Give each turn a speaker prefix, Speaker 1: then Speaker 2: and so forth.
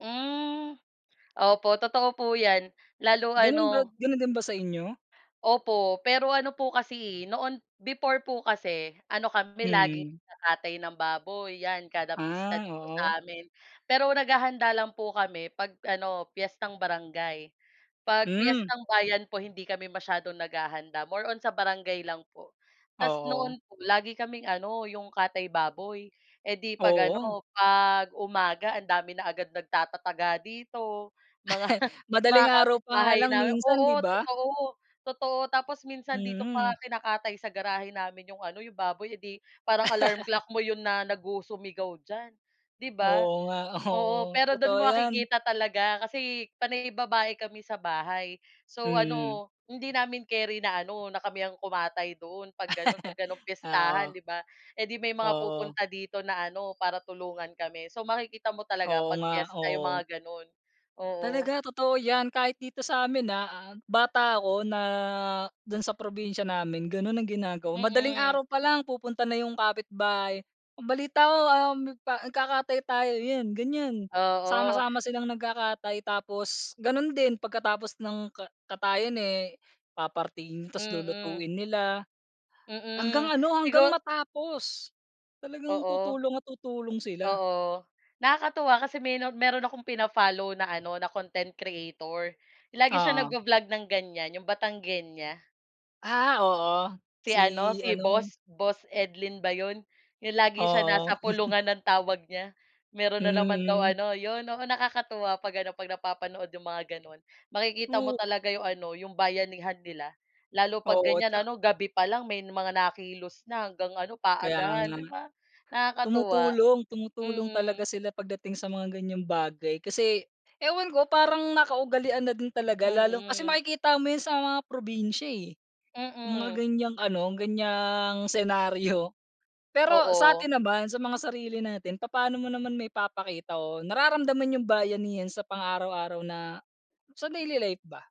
Speaker 1: Mm, opo totoo po yan lalo
Speaker 2: Ganun ba
Speaker 1: ano
Speaker 2: ganun din ba sa inyo?
Speaker 1: Opo, pero ano po kasi eh, noon before po kasi ano kami laging
Speaker 2: Mm.
Speaker 1: nagkakatay ng baboy yan kada pista
Speaker 2: Ah,
Speaker 1: dito
Speaker 2: oo.
Speaker 1: sa amin, pero naghahanda lang po kami 'pag ano, piyestang barangay, 'pag
Speaker 2: Mm.
Speaker 1: piyetang bayan po hindi kami masyadong naghahanda more on sa barangay lang po. Ta's noon
Speaker 2: Oo.
Speaker 1: po lagi kaming ano 'yong katay baboy, eh 'di, 'pag
Speaker 2: Oo.
Speaker 1: ano 'pag umaga ang dami na agad nagtatataga dito mga
Speaker 2: Madaling
Speaker 1: mga
Speaker 2: araw pa nga
Speaker 1: kapitbahay
Speaker 2: lang
Speaker 1: namin
Speaker 2: minsan, di
Speaker 1: oo,
Speaker 2: ba?
Speaker 1: totoo, totoo tapos minsan dito pa nga
Speaker 2: Mm.
Speaker 1: kinakatay sa garahe namin 'yong ano, 'yong baboy eh 'di parang alarm clock mo 'yon na nagusumigaw diyan, 'di ba?
Speaker 2: Oo nga,
Speaker 1: Oo
Speaker 2: oo,
Speaker 1: pero do'n
Speaker 2: totoo
Speaker 1: mo
Speaker 2: yan.
Speaker 1: makikita talaga kasi panay babae kami sa bahay, so,
Speaker 2: Mm.
Speaker 1: ano hindi namin keri na ano na kami ang kumatay doon 'pag gano'n 'pag gano'n
Speaker 2: Ah,
Speaker 1: piyestahan
Speaker 2: oo.
Speaker 1: 'di ba. Eh 'di may mga
Speaker 2: Oo.
Speaker 1: pupunta dito na ano para tulungan kami, so makikita mo talaga
Speaker 2: Oo
Speaker 1: 'pag
Speaker 2: nga,
Speaker 1: piyesta 'yong
Speaker 2: oo.
Speaker 1: mga gano'n. Oo.
Speaker 2: Talaga totoo yan kahit dito sa'min na bata o na dun sa probinsya namin ganon ang ginagawa. Madaling
Speaker 1: Mm.
Speaker 2: araw pa lang pupunta na yung kapitbahay ang balita ko, um, ka nagkakatay tayo yun ganyan
Speaker 1: Oo.
Speaker 2: sama-sama silang nagkakatay tapos ganun din pagkatapos ng ka katayin eh papartihin tas
Speaker 1: Mm.
Speaker 2: lulutuin nila, hanggang
Speaker 1: Mm,
Speaker 2: ano, hanggang
Speaker 1: siguro
Speaker 2: matapos talagang
Speaker 1: Oo.
Speaker 2: tutulong at tutulong sila.
Speaker 1: Oo nakakatuwa kasi meno meron akong pina-follow na ano na content creator lagi siya nag
Speaker 2: Oo.
Speaker 1: vo-vlog ng ganyan 'yong Batanguena.
Speaker 2: Ah oo,
Speaker 1: Si ano,
Speaker 2: si
Speaker 1: si
Speaker 2: ano
Speaker 1: boss boss Edlin ba 'yon 'yong lagi siya
Speaker 2: Oo.
Speaker 1: nasa pulungan ng tawag niya meron na naman daw
Speaker 2: Mm.
Speaker 1: ano 'yon oo nakakatuwa 'pag ano, 'pag napapanood 'yong mga gano'n makikita mo
Speaker 2: O
Speaker 1: talaga 'yong ano 'yong bayanihan nila lalo 'pag
Speaker 2: Oo,
Speaker 1: ganyan
Speaker 2: tsa
Speaker 1: ano, gabi pa lang may mga nakilos na hanggang ano
Speaker 2: Kaya
Speaker 1: paagahan,
Speaker 2: nga,
Speaker 1: 'di ba, nakakatuwa.
Speaker 2: tumutulong, tumutulong
Speaker 1: Mm.
Speaker 2: talaga sila pagdating sa mga ganyang bagay kasi ewan ko parang nakaugalian na din talaga lalo kasi
Speaker 1: Mm.
Speaker 2: makikita mo yun sa mga probinsya eh, yung mga
Speaker 1: Mm.
Speaker 2: ganyang ano, ganyang senaryo. Pero
Speaker 1: Oo.
Speaker 2: sa'tin naman sa mga sarili natin papaano mo naman maipapakita o nararamdaman yung bayanihan sa pang araw-araw na sa daily life ba?